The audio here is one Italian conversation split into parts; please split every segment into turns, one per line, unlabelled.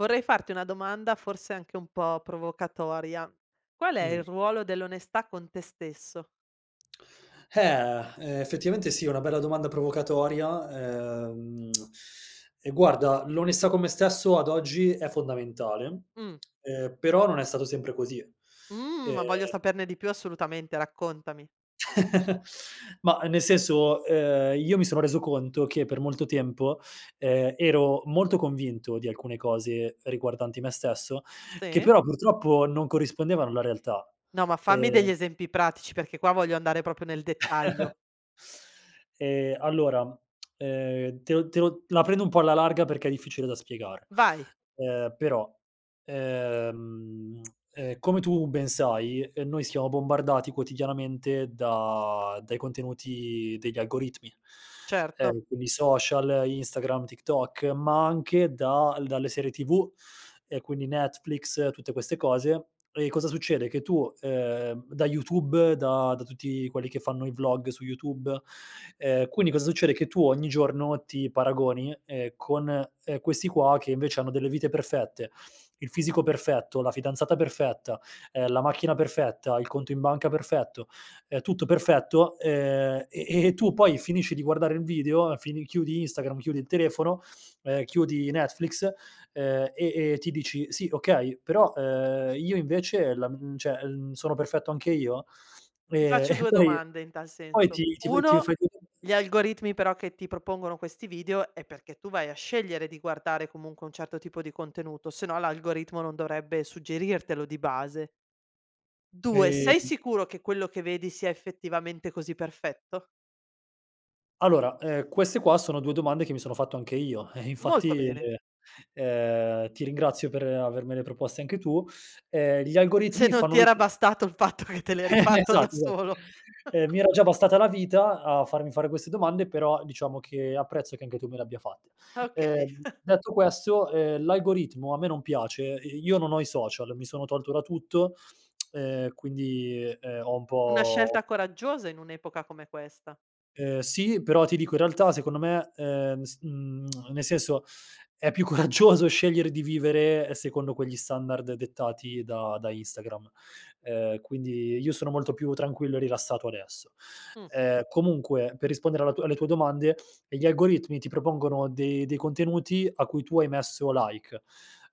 Vorrei farti 1 domanda forse anche un po' provocatoria: qual è
Mh.
il ruolo dell'onestà con te stesso?
Ehm, effettivamente, sì è una bella domanda provocatoria, uhm, e guarda, l'onestà con me stesso ad oggi è fondamentale
Mh.
ehm, però non è stato sempre così.
Mhmm, ma voglio
Ehm
saperne di più assolutamente raccontami.
Mah nel senso, ehm, io mi sono reso conto che, per molto tempo, ehm, ero molto convinto di alcune cose riguardanti me stesso, che
Sì.
però purtroppo, non corrispondevano alla realtà.
No, ma fammi
Ehm
degli esempi pratici, perché qua voglio andare proprio nel dettaglio.
Ehm, allora ehm, te lo te lo la prendo un po' alla larga, perché è difficile da spiegare,
Vai.
ehm, però, ehm ehm, come tu ben sai, ehm, noi siamo bombardati quotidianamente da dai contenuti degli algoritmi,
Certo.
ehm, quindi social, Instagram, TikTok, ma anche da dalle serie TV e quindi Netflix tutte queste cose; e cosa succede: che tu ehm, da YouTube, da da tutti quelli che fanno i vlog su YouTube, ehm, quindi cosa succede: che tu ogni giorno ti paragoni, ehm, con, ehm, questi qua che invece hanno delle vite perfette, il fisico perfetto, la fidanzata perfetta, ehm, la macchina perfetta, il conto in banca perfetto, ehm, tutto perfetto, ehm, e e e tu poi finisci di guardare il video, fin chiudi Instagram, chiudi il telefono, ehm, chiudi Netflix, ehm, e e ti dici: "Sì okay, però, ehm, io invece? La mhmm, cioè, mhmm, sono perfetto anche io?"
Ti
Ehm,
faccio
e
2
poi
domande in tal
poi
senso:
ti ti fai ti fai.
1
[unintelligible]
gli algoritmi però che ti propongono questi video è perché tu vai a scegliere di guardare comunque un certo tipo di contenuto, se no l'algoritmo non dovrebbe suggerirtelo di base. 2: sei
Ehm
sicuro che quello che vedi sia effettivamente così perfetto?
Allora, ehm, queste qua sono 2 domande che mi sono fatto anche io eh,
Molto
infatti,
bene.
ehm, ti ringrazio per avermele proposte anche tu, ehm, gli
Se
algoritmi
non
fanno
ti era
[unintelligible]
bastato il fatto che te l'eri fatto da
Esatto, esatt
solo.
ehm, mi era già bastata la vita a farmi fare queste domande, però diciamo che apprezzo che anche tu me le abbia fatte.
Okay.
Ehm, detto questo, ehm, l'algoritmo a me non piace, ehm, io non ho i social mi sono tolto da tutto, ehm, quindi, ehm, ho un
Una
po
scelta coraggiosa in un'epoca come questa.
Ehm, sì, però ti dico in realtà secondo me, ehm, s mhmm nel senso, è più coraggioso scegliere di vivere secondo quegli standard dettati da da Instagram, uhm, quindi io sono molto più tranquillo e rilassato adesso.
Mh.
Ehm, comunque, per rispondere alla tua alle tue domande, ehm, gli algoritmi ti propongono dei dei contenuti a cui tu hai messo like.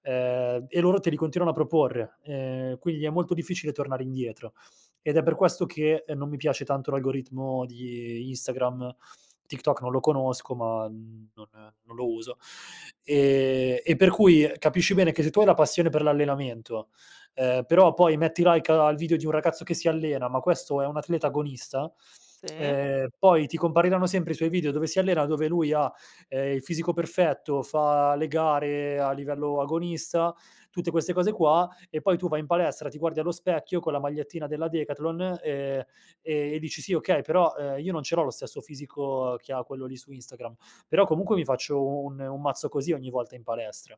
Ehm, e loro te li continuano a proporre. Ehm, quindi è molto difficile tornare indietro. Ed è per questo che, non mi piace tanto l'algoritmo di Instagram, TikTok non lo conosco ma, mhmm, non non lo uso, e e per cui capisci bene che se tu hai la passione per l'allenamento, ehm, però, poi, metti like a al video di un ragazzo che si allena, ma questo è un atleta agonista,
Sì.
ehm, poi ti compariranno sempre i suoi video dove si allena, dove lui ha, ehm, il fisico perfetto, fa le gare a livello agonista, tutte queste cose qua, e poi tu vai in palestra, ti guardi allo specchio, con la magliettina della Decathlon, ehm, e dici sì okay, però, uhm, io non ce l'ho lo stesso fisico che ha quello lì su Instagram, però comunque mi faccio un un mazzo così, ogni volta in palestra,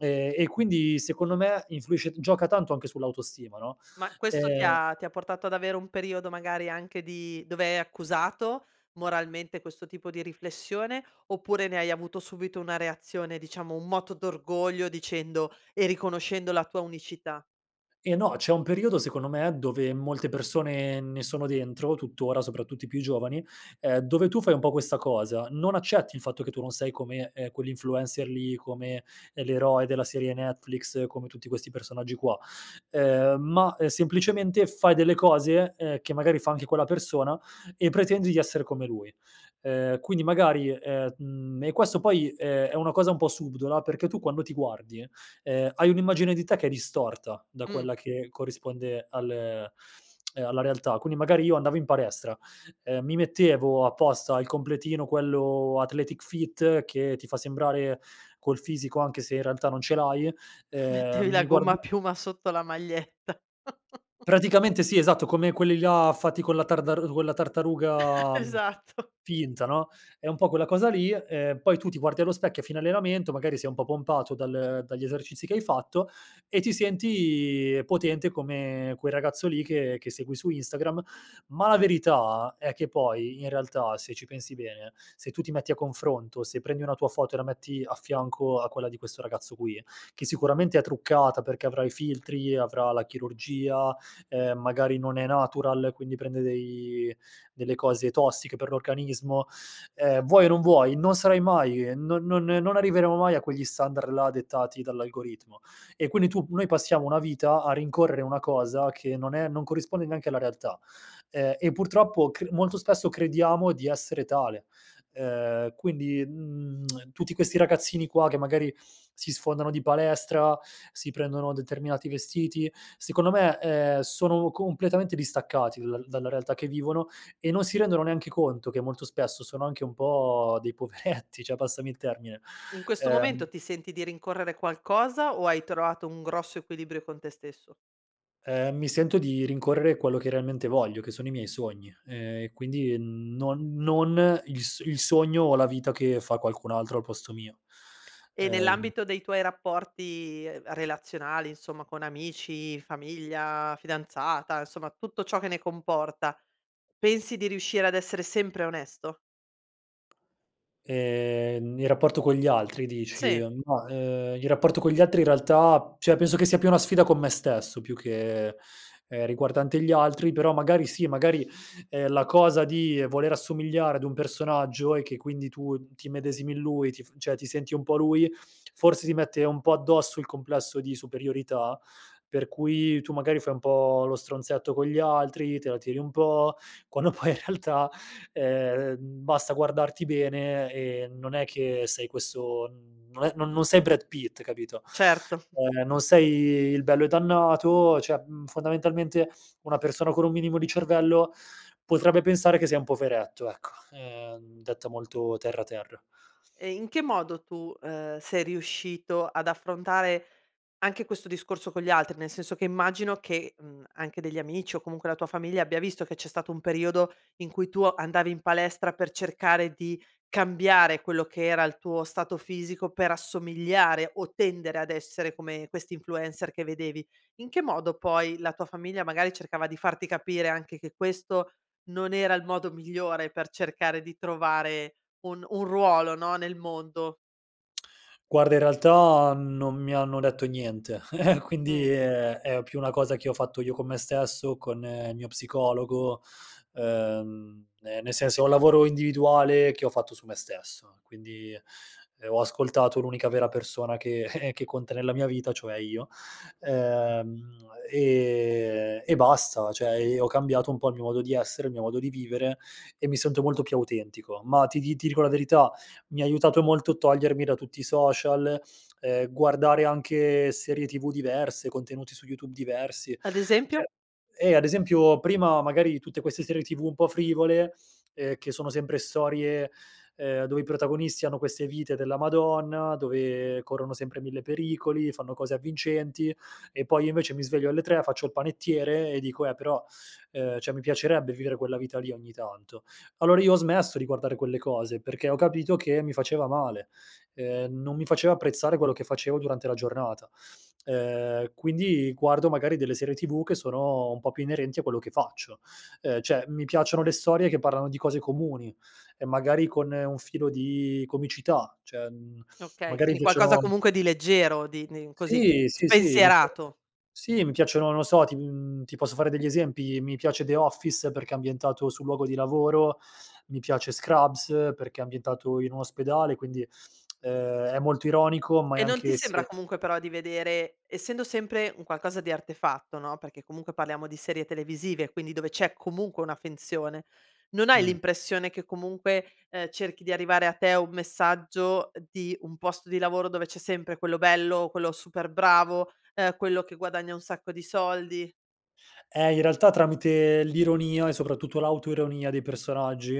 ehm, e quindi secondo me, influisce gioca tanto anche sull'autostima, no?
Ma, questo ti
Ehm
ha ti ha portato ad avere un periodo magari anche di dove hai accusato moralmente, questo tipo di riflessione, oppure ne hai avuto subito una reazione diciamo, un moto d'orgoglio dicendo, e riconoscendo la tua unicità?
Eh no, c'è un periodo secondo me, dove molte persone ne sono dentro tuttora, soprattutto i più giovani, ehm, dove tu fai un po' questa cosa; non accetti il fatto che tu non sei come, ehm, quell'influencer lì, come, ehm, l'eroe della serie Netflix, come tutti questi personaggi qua. Ehm, ma, ehm, semplicemente fai delle cose, ehm, che magari fa anche quella persona e pretendi di essere come lui. Ehm, quindi magari, ehm, mhmm, e questo poi, ehm, è una cosa un po' subdola perché tu, quando ti guardi, ehm, hai un'immagine di te che è distorta da
Mh.
quella che corrisponde al ehm, alla realtà. Quindi, magari io andavo in palestra, ehm, mi mettevo apposta il completino quello athletic fit che ti fa sembrare col fisico anche se in realtà non ce l'hai,
Mettevi
ehm,
la
mi guarda
gommapiuma sotto la maglietta.
Praticamente sì, esatto come quelli là fatti con la tardaru quella tartaruga, mhmm,
Esatto.
finta, no, è un po' quella cosa lì ehm, poi tu ti guardi allo specchio a fine allenamento, magari sei un po' pompato dal dagli esercizi che hai fatto e ti senti potente come quel ragazzo lì che che segui su Instagram. Ma la verità è che poi in realtà, se ci pensi bene, se tu ti metti a confronto, se prendi una tua foto e la metti a fianco a quella di questo ragazzo qui, che sicuramente è truccata, perché avrà i filtri, avrà la chirurgia, ehm, magari non è natural, quindi prende dei delle cose tossiche per l'organismo. Ehm, vuoi o non vuoi, non sarai mai ehm, non non non arriveremo mai a quegli standard là, dettati dall'algoritmo e quindi tu noi passiamo una vita a rincorrere una cosa che non è non corrisponde neanche alla realtà. Ehm, e purtroppo cr molto spesso crediamo di essere tale, ehm, quindi, mhmm, tutti questi ragazzini qua che magari, si sfondano di palestra, si prendono determinati vestiti, secondo me, ehm, sono completamente distaccati da dalla realtà che vivono e non si rendono neanche conto che molto spesso sono anche un po' dei poveretti, cioè, passami il termine,
In questo
ehm
momento ti senti di rincorrere qualcosa o hai trovato un grosso equilibrio con te stesso?
Ehm, mi sento di rincorrere quello che realmente voglio che sono i miei sogni, ehm, e quindi non non il s il sogno o la vita che fa qualcun altro al posto mio.
E
Ehm
nell'ambito dei tuoi rapporti relazionali insomma con amici, famiglia, fidanzata, insomma tutto ciò che ne comporta, pensi di riuscire ad essere sempre onesto?
Ehm, nel rapporto con gli altri dici?
Sì.
Mah, ehm, il rapporto con gli altri in realtà, cioè penso che sia più una sfida con me stesso più che, ehm, riguardante gli altri. Però magari sì. Magari, ehm, la cosa di voler assomigliare ad un personaggio e che quindi, tu ti immedesimi in lui ti f cioè, ti senti un po' lui forse ti mette un po' addosso il complesso di superiorità, per cui tu magari fai un po' lo stronzetto con gli altri, te la tiri un po', quando poi in realtà ehm, basta guardarti bene e non è che sei questo mhmm, non è non non sei Brad Pitt, capito,
Certo.
ehm, non sei il bello e dannato cioè mhmm, fondamentalmente, una persona con un minimo di cervello, potrebbe pensare che sei un poveretto ecco, ehm, detta molto terra, terra.
E in che modo tu, ehm, sei riuscito ad affrontare anche questo discorso con gli altri? Nel senso che immagino, che, mhmm, anche degli amici o comunque la tua famiglia, abbia visto che c'è stato un periodo in cui tu o andavi in palestra per cercare di cambiare quello che era il tuo stato fisico per assomigliare o tendere ad essere come questi influencer che vedevi. In che modo poi la tua famiglia, magari, cercava di farti capire anche che questo non era il modo migliore per cercare di trovare un un ruolo, no, nel mondo?
Guarda, in realtà, mhmm, non mi hanno detto niente quindi,
Mh.
ehm, è più una cosa che ho fatto io con me stesso, con il mio psicologo, ehm, ehm, nel senso è un lavoro individuale che ho fatto su me stesso. Quindi, ehm, ho ascoltato l'unica vera persona che che conta nella mia vita, cioè io. Ehm, e e basta cioè e ho cambiato un po' il mio modo di essere, il mio modo di vivere e mi sento molto più autentico, ma ti di ti dico la verità, mi ha aiutato molto a togliermi da tutti i social, ehm, guardare anche serie TV diverse, contenuti su YouTube diversi
Ad
cioè
esempio?
eh, ad esempio, prima magari di tutte queste serie TV un po' frivole, ehm, che sono sempre storie, ehm, dove i protagonisti hanno queste vite della madonna, dove corrono sempre 1000 pericoli, fanno cose avvincenti e poi, io invece mi sveglio alle 3, faccio il panettiere e dico: "Eh però, ehm, cioè mi piacerebbe vivere quella vita lì ogni tanto". Allora, io ho smesso di guardare quelle cose, perché ho capito che mi faceva male. Ehm, non mi faceva apprezzare quello che facevo durante la giornata. Ehm, quindi guardo magari delle serie TV che sono un po' più inerenti a quello che faccio. Ehm, cioè mi piacciono le storie che parlano di cose comuni e magari, con un filo di comicità, cioè mhmm,
Okay,
magari
quindi qualcosa
piacciono
comunque di leggero, di di così
Sì, sì, sì. Mi s
spensierato.
sì, mi piacciono, non lo so, to mhmm, ti posso fare degli esempi, mi piace The Office, perché è ambientato sul luogo di lavoro, mi piace Scrubs, perché è ambientato in un ospedale quindi ehm, è molto ironico ma è
E non ti
anche
sembra,
se
comunque, però di vedere essendo sempre un qualcosa di artefatto, no, perché comunque parliamo di serie televisive, quindi dove c'è comunque una finzione, non hai
Mh.
l'impressione che comunque, ehm, cerchi di arrivare a te un messaggio, ehm, di un posto di lavoro dove c'è sempre quello bello, quello super bravo, ehm, quello che guadagna un sacco di soldi?
Eh, in realtà tramite l'ironia e soprattutto l'autoironia dei personaggi,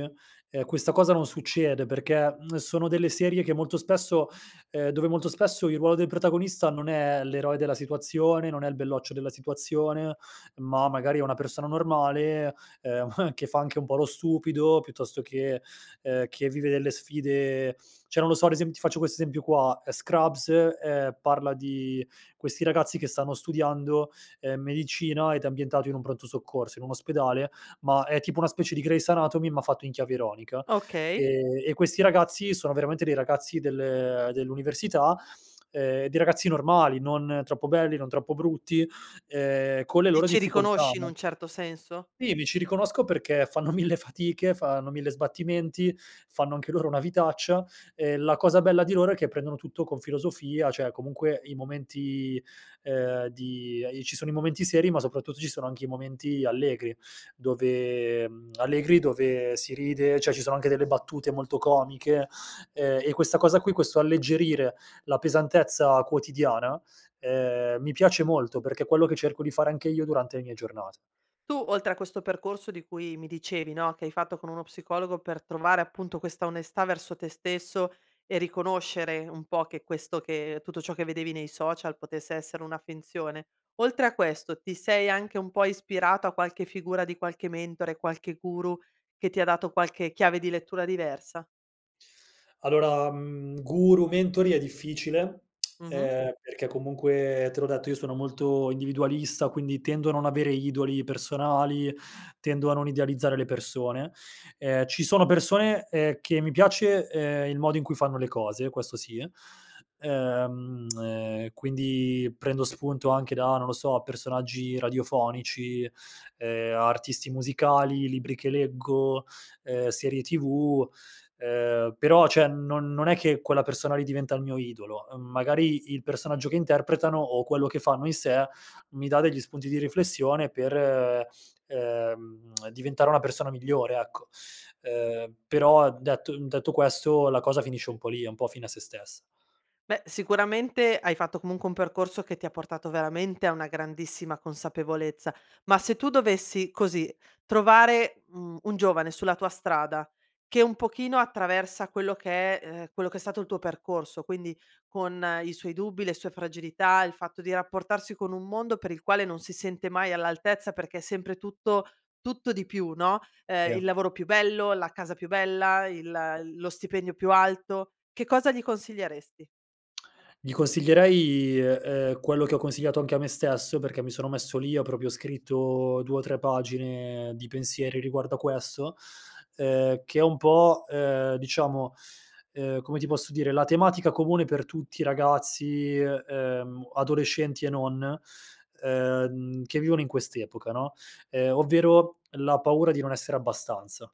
ehm, questa cosa non succede perché, mhmm, sono delle serie che molto spesso ehm, dove molto spesso, il ruolo del protagonista non è l'eroe della situazione, non è il belloccio della situazione, ma magari è una persona normale, ehm, che fa anche un po' lo stupido piuttosto che, ehm, che vive delle sfide cioè, non lo so, ad esem ti faccio questo esempio qua: Scrubs, ehm, parla di questi ragazzi che stanno studiando, ehm, medicina, ed è ambientato in un pronto soccorso, in un ospedale ma è tipo una specie di Grey's anatomy, ma fatto in chiave ironica,
Okay.
ehm, e questi ragazzi sono veramente dei ragazzi del dell'università, ehm, dei ragazzi normali, non troppo belli non troppo brutti, ehm, con le
Ti
loro
ci
difficoltà
riconosci in
no?
un certo senso?
Sì, mi ci riconosco perché fanno 1000 fatiche, fanno 1000 sbattimenti, fanno anche loro una vitaccia, e la cosa bella di loro è che prendono tutto con filosofia. Cioè comunque i momenti, ehm, di i ci sono i momenti seri, ma soprattutto ci sono anche i momenti allegri dove, mhmm, allegri, dove si ride cioè ci sono anche delle battute molto comiche, ehm, e questa cosa qui, questo alleggerire la pesantezza quotidiana, ehm, mi piace molto, perché è quello che cerco di fare anche io durante le mie giornate.
Tu, oltre a questo percorso di cui mi dicevi, no, che hai fatto con uno psicologo per trovare, appunto, questa onestà verso te stesso e riconoscere un po' che questo che tutto ciò che vedevi nei social potesse essere una finzione. Oltre a questo, ti sei anche un po' ispirato a qualche figura di qualche mentore, qualche guru, che ti ha dato qualche chiave di lettura diversa?
Allora, mhmm, guru, mentori è difficile,
Mh-mh.
ehm, perché comunque te l'ho detto, io sono molto individualista, quindi tendo a non avere idoli personali, tendo a non idealizzare le persone. Ehm, ci sono persone, ehm, che mi piace, ehm, il modo in cui fanno le cose, questo sì. Ehm, ehm, quindi, prendo spunto anche da, non lo so, personaggi radiofonici, ehm, a artisti musicali, libri che leggo, ehm, serie TV, ehm però cioè, non non è che quella persona lì diventa il mio idolo. Uhm, magari il personaggio che interpretano o quello che fanno in sé, mi dà degli spunti di riflessione per ehm, diventare una persona migliore, ecco. Ehm, però, detto, mhmm, detto questo, la cosa finisce un po' lì, è un po' fine a se stessa.
Beh, sicuramente hai fatto, comunque, un percorso che ti ha portato, veramente, a una grandissima consapevolezza. Ma se tu dovessi così, trovare, mhmm, un giovane sulla tua strada, che un pochino, attraversa quello che è, ehm quello che è stato il tuo percorso, quindi con i suoi dubbi, le sue fragilità, il fatto di rapportarsi con un mondo per il quale non si sente mai all'altezza, perché è sempre tutto, tutto di più, no, ehm,
Sì.
il lavoro più bello, la casa più bella, il lo stipendio più alto, che cosa gli consiglieresti?
Gli consiglierei i e ehm, quello che ho consigliato anche a me stesso, perché mi sono messo lì, ho proprio scritto 2 o 3 pagine di pensieri riguardo a questo, ehm, che è un po', ehm, diciamo, ehm, come ti posso dire, la tematica comune per tutti i ragazzi, e ehm, adolescenti e non, ehm, che vivono in quest'epoca, no, ehm, ovvero la paura di non essere abbastanza.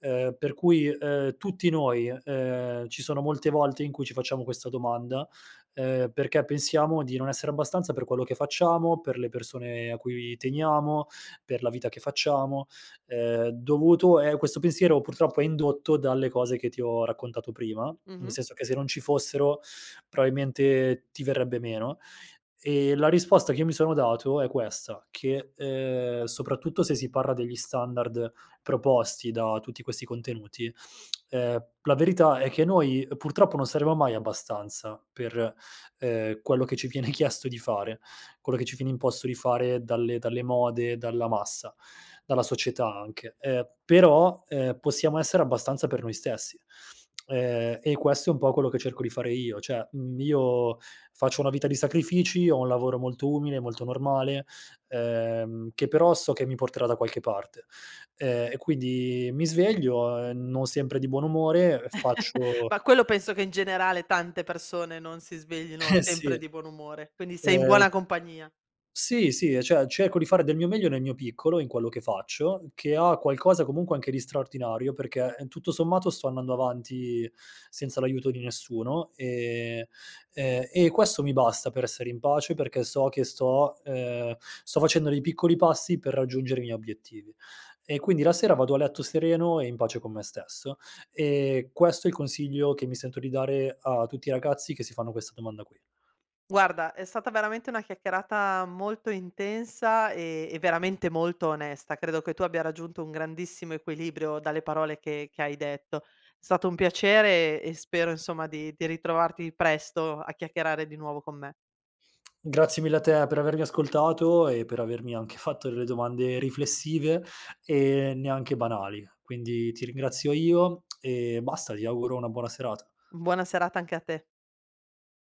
Ehm, per cui, e ehm, tutti noi, e ehm, ci sono molte volte in cui ci facciamo questa domanda, ehm, perché pensiamo di non essere abbastanza per quello che facciamo, per le persone a cui teniamo, per la vita che facciamo, ehm, dovuto è questo pensiero purtroppo è indotto dalle cose che ti ho raccontato prima, nel
Mh-mh.
senso che se non ci fossero probabilmente ti verrebbe meno; ehm, la risposta che mi sono dato è questa: che, uhm, soprattutto se si parla degli standard proposti da tutti questi contenuti, ehm, la verità è che noi, ehm, purtroppo non saremo mai abbastanza per, ehm, quello che ci viene chiesto di fare quello che ci viene imposto di fare dalle dalle mode, dalla massa, dalla società anche. Ehm, però, ehm, possiamo essere abbastanza per noi stessi, ehm, e questo è un po' quello che cerco di fare io: cioè, mhmm, io faccio una vita di sacrifici, ho un lavoro molto umile, molto normale, ehm, che però so che mi porterà da qualche parte. Ehm, e quindi mi sveglio, ehm, non sempre di buon umore, ehm, faccio
Ma quello penso che in generale tante persone non si sveglino
Eh sì.
sempre di buon umore. Quindi sei in
Ehm
buona compagnia.
Sì, sì, e cioè cerco di fare del mio meglio nel mio piccolo in quello che faccio, che ha qualcosa comunque anche di straordinario, perché tutto sommato sto andando avanti senza l'aiuto di nessuno, e, ehm e questo mi basta per essere in pace, perché so che sto, ehm sto facendo dei piccoli passi per raggiungere i miei obiettivi. E quindi la sera vado a letto sereno e in pace con me stesso, e questo è il consiglio che mi sento di dare a tutti i ragazzi che si fanno questa domanda qui.
Guarda è stata veramente una chiacchierata molto intensa, ehm, e veramente molto onesta. Credo che tu abbia raggiunto un grandissimo equilibrio dalle parole che che hai detto. Stato un piacere e spero insomma di di ritrovarti presto a chiacchierare di nuovo con me.
Grazie mille a te per avermi ascoltato e per avermi anche fatto delle domande riflessive, ehm, neanche banali, quindi ti ringrazio io e basta, ti auguro una buona serata.
Buona serata anche a te.